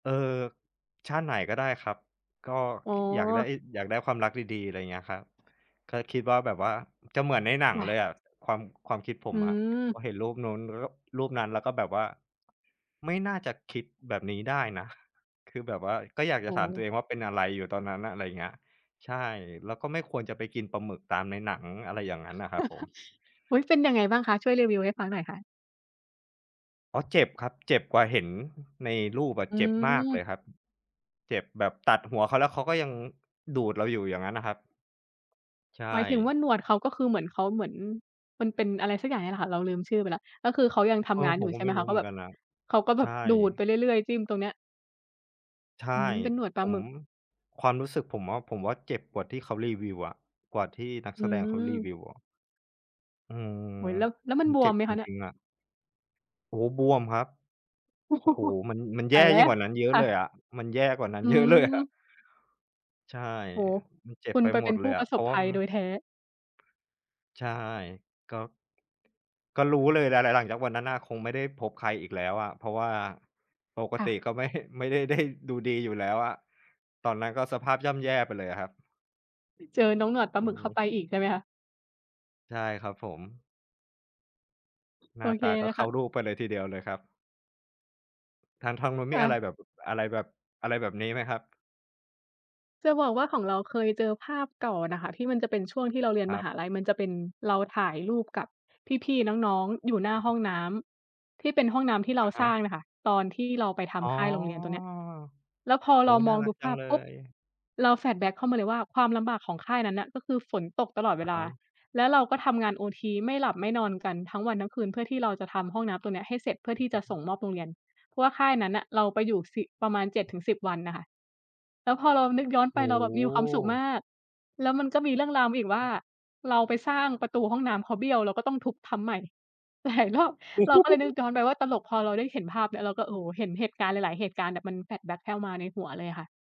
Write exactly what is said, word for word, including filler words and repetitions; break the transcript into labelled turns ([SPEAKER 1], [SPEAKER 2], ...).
[SPEAKER 1] เออ ชาติไหนก็ได้ครับ ก็
[SPEAKER 2] อ๋
[SPEAKER 1] ค
[SPEAKER 2] อ
[SPEAKER 1] อยากได้ อยากได้ความรักดี ๆ อะไรเงี้ยครับ ก็คิดว่าแบบว่า จะเหมือนในหนัง
[SPEAKER 2] ค่
[SPEAKER 1] เล
[SPEAKER 2] ะ
[SPEAKER 1] ยอะ ความ ความคิดผ
[SPEAKER 2] อื
[SPEAKER 1] มอะ
[SPEAKER 2] ม
[SPEAKER 1] พอเห็นรูปนู้น ล ก แล้วก็รูปนั้น แล้วก็แบบว่า "ไม่น่าจะคิดแบบนี้ได้นะ" คือแบบว่าก็อยาก
[SPEAKER 2] โ
[SPEAKER 1] จ
[SPEAKER 2] อ
[SPEAKER 1] ะ
[SPEAKER 2] ้
[SPEAKER 1] ถ
[SPEAKER 2] โ
[SPEAKER 1] ามตั
[SPEAKER 2] ฮ
[SPEAKER 1] วเองว่า "เป็นอะไรอยู่ตอนนั้นน่ะ?" อะไรอย่างเงี้ย ใช่ แล้วก็ไม่ควรจะไปกินปลาหมึกตามในหนัง อะไรอย่างงั้นน่ะครับผม
[SPEAKER 2] อุ๊ย เป็นยังไงบ้างคะ? ช่วยรีวิวให้ฟังหน่อยค่ะ
[SPEAKER 1] อ๋อ เจ็บครับ เจ็บกว่าเห็นในรูปอะ
[SPEAKER 2] อื
[SPEAKER 1] เจ็บมากเล
[SPEAKER 2] ม
[SPEAKER 1] ยครับ เจ็บแบบตัดหัวเขาแล้ว เขาก็ยังดูดเราอยู่ อย่างงั้นน่ะครับ ใช
[SPEAKER 2] หมายถึงว่
[SPEAKER 1] ่
[SPEAKER 2] าหนวดเขาก็คือเหมือนเขา เหมือน มันเป็นอะไรสักอย่างเนี่ยแหละค่ะ เราลืมชื่อไปแล้ว ก็คือเขายังท
[SPEAKER 1] เออ
[SPEAKER 2] ำงาน
[SPEAKER 1] ผ
[SPEAKER 2] อยู
[SPEAKER 1] ม
[SPEAKER 2] ่
[SPEAKER 1] ก
[SPEAKER 2] ใ
[SPEAKER 1] ็
[SPEAKER 2] ช่ไ
[SPEAKER 1] ไ
[SPEAKER 2] ห
[SPEAKER 1] ม
[SPEAKER 2] ม
[SPEAKER 1] ่
[SPEAKER 2] ค
[SPEAKER 1] รู
[SPEAKER 2] ะ
[SPEAKER 1] ้
[SPEAKER 2] เข
[SPEAKER 1] เห
[SPEAKER 2] า
[SPEAKER 1] มื
[SPEAKER 2] แ
[SPEAKER 1] อ
[SPEAKER 2] บ
[SPEAKER 1] น
[SPEAKER 2] บ
[SPEAKER 1] กันน่ะ
[SPEAKER 2] เขาก็แ
[SPEAKER 1] ใ
[SPEAKER 2] บ
[SPEAKER 1] ช
[SPEAKER 2] บ
[SPEAKER 1] ่
[SPEAKER 2] ดูดไปเรื่อย ๆ จิ้มตรงเนี้ย
[SPEAKER 1] ใช่
[SPEAKER 2] อืม เป็นหนวดปล
[SPEAKER 1] ผ
[SPEAKER 2] าหม
[SPEAKER 1] ม
[SPEAKER 2] ึก
[SPEAKER 1] ความรู้สึกผมว่า ผมว่าเจ็บกว่าที่เขารีวิวอะ กว่าที่นัก
[SPEAKER 2] อ
[SPEAKER 1] แสดงเขารี
[SPEAKER 2] ืม
[SPEAKER 1] วิวอะ อืม
[SPEAKER 2] โอ้โฮ แล้ว แล้วมั
[SPEAKER 1] ม
[SPEAKER 2] น
[SPEAKER 1] ัน
[SPEAKER 2] บ
[SPEAKER 1] เจ
[SPEAKER 2] ว
[SPEAKER 1] ็
[SPEAKER 2] ม
[SPEAKER 1] บ
[SPEAKER 2] ไหม
[SPEAKER 1] จ
[SPEAKER 2] คะเนี่ย?
[SPEAKER 1] ริง ๆ อะ โอ้โฮ บวมครับ โอ้โฮ มัน มัน
[SPEAKER 2] ต
[SPEAKER 1] แย
[SPEAKER 2] า
[SPEAKER 1] ่
[SPEAKER 2] ยแล
[SPEAKER 1] ยิ
[SPEAKER 2] ้
[SPEAKER 1] ่ง
[SPEAKER 2] ว
[SPEAKER 1] กว่านั้นเยอ
[SPEAKER 2] ค
[SPEAKER 1] ะ
[SPEAKER 2] ่
[SPEAKER 1] เลย
[SPEAKER 2] ะ
[SPEAKER 1] อะ มันแย่กว่านั้
[SPEAKER 2] อ
[SPEAKER 1] น
[SPEAKER 2] ื
[SPEAKER 1] เยอะเลยอะ
[SPEAKER 2] ม
[SPEAKER 1] ใช่
[SPEAKER 2] โอ้โฮ
[SPEAKER 1] มันเจ็
[SPEAKER 2] ค
[SPEAKER 1] บ
[SPEAKER 2] ุณ
[SPEAKER 1] ไป
[SPEAKER 2] ไป
[SPEAKER 1] ห
[SPEAKER 2] เ
[SPEAKER 1] ม
[SPEAKER 2] ป็
[SPEAKER 1] ด
[SPEAKER 2] น
[SPEAKER 1] เ
[SPEAKER 2] ผ
[SPEAKER 1] ล
[SPEAKER 2] ู้
[SPEAKER 1] ย
[SPEAKER 2] ป
[SPEAKER 1] อ
[SPEAKER 2] ร
[SPEAKER 1] ะ
[SPEAKER 2] ะ
[SPEAKER 1] เ
[SPEAKER 2] ส
[SPEAKER 1] พร
[SPEAKER 2] บ
[SPEAKER 1] าะ
[SPEAKER 2] ภ
[SPEAKER 1] ว่า
[SPEAKER 2] ัยโด
[SPEAKER 1] ม
[SPEAKER 2] ยแท้
[SPEAKER 1] ใช่ ก็ ก็รู้เลยแหละ หลัง หลังจากวันนั้นน่ะ คงไม่ได้พบใครอีกแล้วอะ เพราะว่าปก
[SPEAKER 2] ค่
[SPEAKER 1] ต
[SPEAKER 2] ะ
[SPEAKER 1] ิก็ไม่ ฮ ไม่ได้ ได้ ดูดีอยู่แล้วอะ ตอนนั้นก็สภาพย่ำแย่ไปเลยอะครับ
[SPEAKER 2] ไปเจอน้องหนวดปล
[SPEAKER 1] อ
[SPEAKER 2] าห
[SPEAKER 1] ื
[SPEAKER 2] ม
[SPEAKER 1] อ
[SPEAKER 2] ึก
[SPEAKER 1] ฮ
[SPEAKER 2] เข้า
[SPEAKER 1] ึ
[SPEAKER 2] ไปอีกใช่ไหมคะ?
[SPEAKER 1] ใช่ครับผม หน
[SPEAKER 2] โอ
[SPEAKER 1] ้า
[SPEAKER 2] เค
[SPEAKER 1] ตาก็
[SPEAKER 2] นะ
[SPEAKER 1] เข้
[SPEAKER 2] ค
[SPEAKER 1] า
[SPEAKER 2] ะ
[SPEAKER 1] รูปไปเลยทีเดียวเลยครับ ทาง ทางนู้น
[SPEAKER 2] ค
[SPEAKER 1] มี
[SPEAKER 2] ่
[SPEAKER 1] อะ
[SPEAKER 2] ะ
[SPEAKER 1] ไรแบบ อะไรแบบ อะไรแบบนี้ไหมครับ?
[SPEAKER 2] จะบอกว่าของเราเคยเจอภาพเก่าน่ะค่ะที่มันจะเป็นช่วงที่เราเรียน
[SPEAKER 1] คร
[SPEAKER 2] ม
[SPEAKER 1] ั
[SPEAKER 2] ห
[SPEAKER 1] บ
[SPEAKER 2] าลัย มันจะเป็นเราถ่ายรูปกับพี่ ๆ น้อง ๆ อยู่หน้าห้
[SPEAKER 1] ฮ
[SPEAKER 2] องน้ำ ที่เป็นห้องน้ำที่เรา
[SPEAKER 1] อะฮ
[SPEAKER 2] สร้
[SPEAKER 1] ะ
[SPEAKER 2] างน่ะค่ะ ตอนที่เราไปท
[SPEAKER 1] อ๋อ
[SPEAKER 2] ำค่ายโรงเรียนตัวเนี้ย แล้วพอ
[SPEAKER 1] โอ
[SPEAKER 2] เ
[SPEAKER 1] ้
[SPEAKER 2] ราม
[SPEAKER 1] น่า
[SPEAKER 2] อง
[SPEAKER 1] รั
[SPEAKER 2] ดู
[SPEAKER 1] กจ
[SPEAKER 2] ภ
[SPEAKER 1] ั
[SPEAKER 2] า
[SPEAKER 1] ง
[SPEAKER 2] พ
[SPEAKER 1] เล
[SPEAKER 2] ปุ๊บ
[SPEAKER 1] ย
[SPEAKER 2] เรา flashback เข้ามาเลยว่า ความลำบากของค่ายนั้นน่ะ ก็คือฝนตกตลอดเว
[SPEAKER 1] อะ
[SPEAKER 2] ล
[SPEAKER 1] ฮ
[SPEAKER 2] า
[SPEAKER 1] ะ
[SPEAKER 2] แล้วเราก็ทำงานโอที ไม่หลับไม่นอนกันทั้งวันทั้งคืน เพื่อที่เราจะทำห้องน้ำตัวเนี้ยให้เสร็จ เพื่อ
[SPEAKER 1] อ
[SPEAKER 2] ที่จะ
[SPEAKER 1] ะฮ
[SPEAKER 2] ส
[SPEAKER 1] ะ
[SPEAKER 2] ่งมอบโรงเรียน เพราะว่าค่ายนั้นน่ะเราไปอยู่ สิ ประมาณ เจ็ดถึงสิบ วันน่ะค่ะ แล้วพอเรานึกย้อนไ
[SPEAKER 1] โอ
[SPEAKER 2] ป
[SPEAKER 1] ้
[SPEAKER 2] เราแบ
[SPEAKER 1] โ
[SPEAKER 2] บมีความสุขม
[SPEAKER 1] ฮ
[SPEAKER 2] าก แล้วมันก็มีเรื่องราวมาอี
[SPEAKER 1] อ
[SPEAKER 2] ก
[SPEAKER 1] ือ
[SPEAKER 2] ว
[SPEAKER 1] ฮ
[SPEAKER 2] ่า
[SPEAKER 1] ึ
[SPEAKER 2] เราไปสร้างประตูห้องน้ำเขาเบี้ยว เราก็ต้องทุบทำใหม่ หลายรอบ เราก็เลยนึกย้อนไปว่าตลก พอเราได้เห็นภาพเนี่ย เราก็ โอ้โฮ เห็นเหตุการณ์หลาย ๆ เหตุการณ์แบบมัน flashback เข้ามาในหัวเลยอะค่ะ